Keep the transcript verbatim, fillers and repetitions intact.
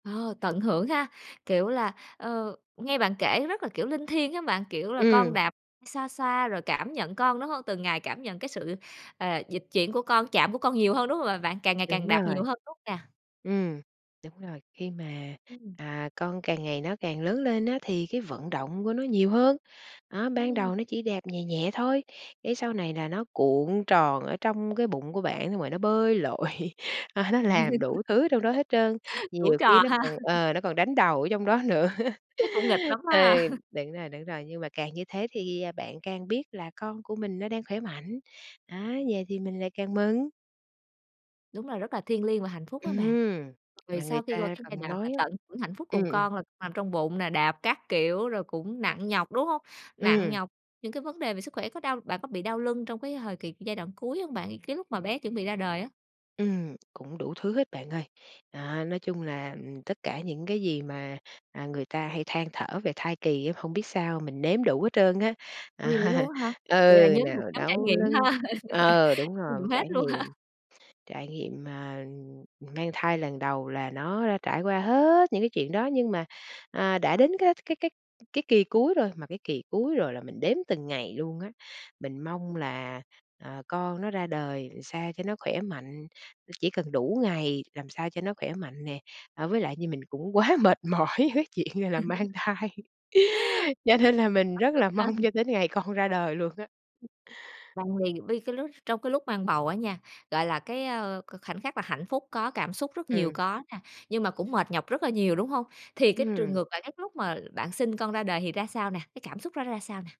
Ờ, tận hưởng ha, kiểu là, ờ, nghe bạn kể rất là, kiểu, linh thiêng hén bạn, kiểu, là con Ừm. đạp, xoa xoa rồi cảm nhận con, đúng hông? Từng ngày cảm nhận cái sự, ờ, dịch chuyển của con, chạm của con nhiều hơn, đúng hông, à, bạn? Càng ngày càng Đúng đạp nhiều rồi. hơn, đúng hông nè? Ừm, đúng rồi, khi mà, Ừm. à, con càng ngày nó càng lớn lên á, thì cái vận động của nó nhiều hơn. Á, ban Ừm. đầu nó chỉ đạp nhẹ nhẹ thôi cái sau này là nó cuộn tròn ở trong cái bụng của bạn xong rồi nó bơi lội, à nó làm đủ thứ trong đó hết trơn, Đủ nhiều khi trò nó ha! còn ờ, nó còn đánh đầu ở trong đó nữa. Chắc cũng nghịch lắm Ừ, ha? đúng rồi, đúng rồi, nhưng mà càng như thế thì, à, bạn càng biết là con của mình nó đang khỏe mạnh, á, vậy thì mình lại càng mừng. Đúng là rất là thiêng liêng và hạnh phúc á bạn. Ừm, Về mà sau người khi qua ta cái giai còn đoạn mà nói á tận hưởng hạnh phúc ừm, cùng ừm. con là nằm trong bụng nè, đạp các kiểu rồi cũng nặng nhọc, đúng hông? Nặng Ừm. nhọc, những cái vấn đề về sức khỏe có đau bạn có bị đau lưng trong cái hời kì giai đoạn cuối hông bạn, cái lúc mà bé chuẩn bị ra đời á? Ừm, cũng đủ thứ hết bạn ơi. À, nói chung là, ừm, tất cả những cái gì mà, à, người ta hay than thở về thai kỳ á, hông biết sao mình nếm đủ hết trơn á. Uầy, vậy luôn á hả? Vậy là Ừ, nhóm thuộc nào nhóm trải đau nghiệm lưng ha? ờ, đúng rồi, [unintelligible] hết trải luôn ha? nghiệm, trải nghiệm, à, mang thai lần đầu là nó trải qua hết những cái chuyện đó nhưng mà, à, đã đến cái cái cái cái kỳ cuối rồi, mà cái kỳ cuối rồi là mình đếm từng ngày luôn á. Mình mong là, à, con nó ra đời ừn sao cho nó khoẻ mạnh, chỉ cần đủ ngày, làm sao cho nó khoẻ mạnh nè, à, với lại như mình cũng quá mệt mỏi với chuyện, à, là mang thai, cho Áp nên là mình rất lực là ha. mong cho đến ngày con ra đời luôn á. [unintelligible] Bây cái lúc trong cái lúc mang bầu á nha, gọi là cái, a, k khoảnh khắc là hạnh phúc có, cảm xúc rất nhiều Ừm. có nè, nhưng mà cũng mệt nhọc rất là nhiều, đúng hông? Thì cái trường Ừm. ngược lại, cái lúc mà bạn sinh con ra đời thì ra sao nè, cái cảm xúc đó nó ra sao nè?